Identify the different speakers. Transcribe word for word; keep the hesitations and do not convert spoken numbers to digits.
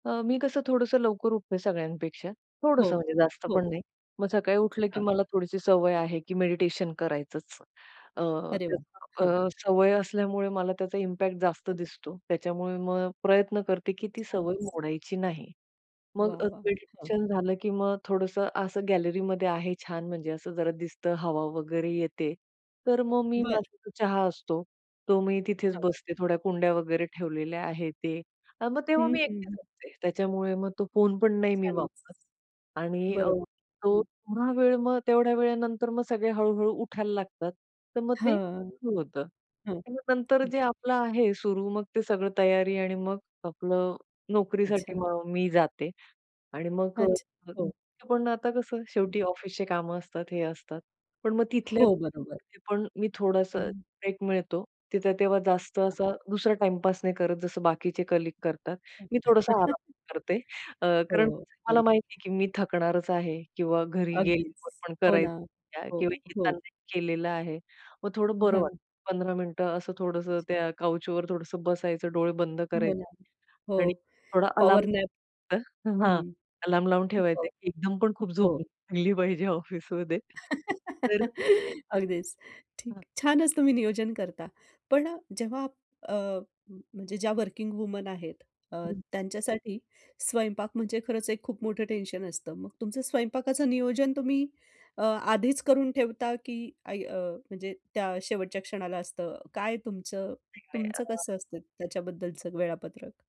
Speaker 1: अ, मी कसं थोडंसं लवकर उठते सगळ्यांपेक्षा.
Speaker 2: हो,
Speaker 1: थोडंसं म्हणजे जास्त
Speaker 2: हो.
Speaker 1: पण नाही. मग सकाळी उठलं की
Speaker 2: हां.
Speaker 1: मला थोडीशी सवय आहे की मेडिटेशन करायचंच. अ,
Speaker 2: अरे वाह! हां.
Speaker 1: त्या सवय असल्यामुळे मला त्याचा इम्पॅक्ट जास्त
Speaker 2: हं.
Speaker 1: दिसतो. त्याच्यामुळे मग प्रयत्न करते की ती
Speaker 2: छानच.
Speaker 1: सवय मोडायची नाही. मग
Speaker 2: वाह!
Speaker 1: अ,
Speaker 2: वाह! हां.
Speaker 1: मेडिटेशन झालं की मग थोडंसं असं गॅलरीमध्ये आहे. छान म्हणजे असं जरा दिसतं, हवा वगैरे येते. तर मग मी
Speaker 2: बरं.
Speaker 1: माझा चहा असतो, तो मी तिथेच
Speaker 2: हं.
Speaker 1: बसते. थोड्या कुंड्या वगैरे ठेवलेल्या आहेत ते. अ, मग तेव्हा
Speaker 2: हं,
Speaker 1: मी
Speaker 2: हं.
Speaker 1: एकटीच असते. त्याच्यामुळे मग तो फोन पण नाही मी
Speaker 2: छानच.
Speaker 1: वापरत. आणि अ,
Speaker 2: बरोबर.
Speaker 1: तो
Speaker 2: हं.
Speaker 1: थोडा वेळ मग तेवढ्या वेळानंतर मग सगळे हळू-हळू उठायला लागतात. तर मग ते
Speaker 2: हां,
Speaker 1: सुरू होतं
Speaker 2: हं.
Speaker 1: आणि नंतर
Speaker 2: बरं
Speaker 1: जे आपलं आहे सुरू मग ते सगळं तयारी आणि मग आपलं नोकरीसाठी
Speaker 2: अच्छा.
Speaker 1: मग मी जाते. आणि मग
Speaker 2: अच्छा,
Speaker 1: अ,
Speaker 2: हो.
Speaker 1: पण आता कसं
Speaker 2: हं.
Speaker 1: शेवटी ऑफिसचं कामं असतात, हे असतात. पण मग तिथल्या
Speaker 2: हो, बरोबर.
Speaker 1: पण मी थोडासा
Speaker 2: हं.
Speaker 1: ब्रेक मिळतो तिथे तेव्हा जास्त
Speaker 2: हां.
Speaker 1: असा दुसरा टाईमपास नाही करत जसं बाकीचे कलीग
Speaker 2: अच्छा.
Speaker 1: करतात. मी थोडंसं आराम करते अ, कारण
Speaker 2: हो,
Speaker 1: मला
Speaker 2: हं.
Speaker 1: माहिती आहे की मी थकणारच आहे किंवा घरी
Speaker 2: अगदीच.
Speaker 1: गेल्यावर पण
Speaker 2: हो ना.
Speaker 1: करायचं
Speaker 2: हो,
Speaker 1: किंवा येताना
Speaker 2: हो.
Speaker 1: केलेलं आहे. मग थोडं बरं
Speaker 2: हं.
Speaker 1: वाटतं. पंधरा मिनिटं असं
Speaker 2: अच्छा.
Speaker 1: थोडंसं त्या काउचवर थोडंसं बसायचं. डोळे बंद
Speaker 2: हो ना,
Speaker 1: करायचे
Speaker 2: हो.
Speaker 1: आणि थोडा अलार्म
Speaker 2: पॉवरनॅप
Speaker 1: हां,
Speaker 2: हं.
Speaker 1: अलार्म लावून ठेवायचं
Speaker 2: हो.
Speaker 1: आहे एकदम पण खूप झोप
Speaker 2: हो.
Speaker 1: लागली पाहिजे ऑफिसमध्ये तर
Speaker 2: अगदीच ठीक.
Speaker 1: हां.
Speaker 2: छानच तुम्ही नियोजन करता. पण अ, जेव्हा अ, म्हणजे ज्या वर्किंग वुमन आहेत अ,
Speaker 1: हं.
Speaker 2: त्यांच्यासाठी स्वयंपाक म्हणजे खरंच एक खूप मोठं टेन्शन असतं. मग तुमचं स्वयंपाकाचं नियोजन तुम्ही अ, आधीच करून ठेवता की ऐ अ, म्हणजे त्या शेवटच्या क्षणाला असतं? काय तुमचं तुमचं
Speaker 1: [unintelligible]
Speaker 2: कसं असतं त्याच्याबद्दलचं वेळापत्रक?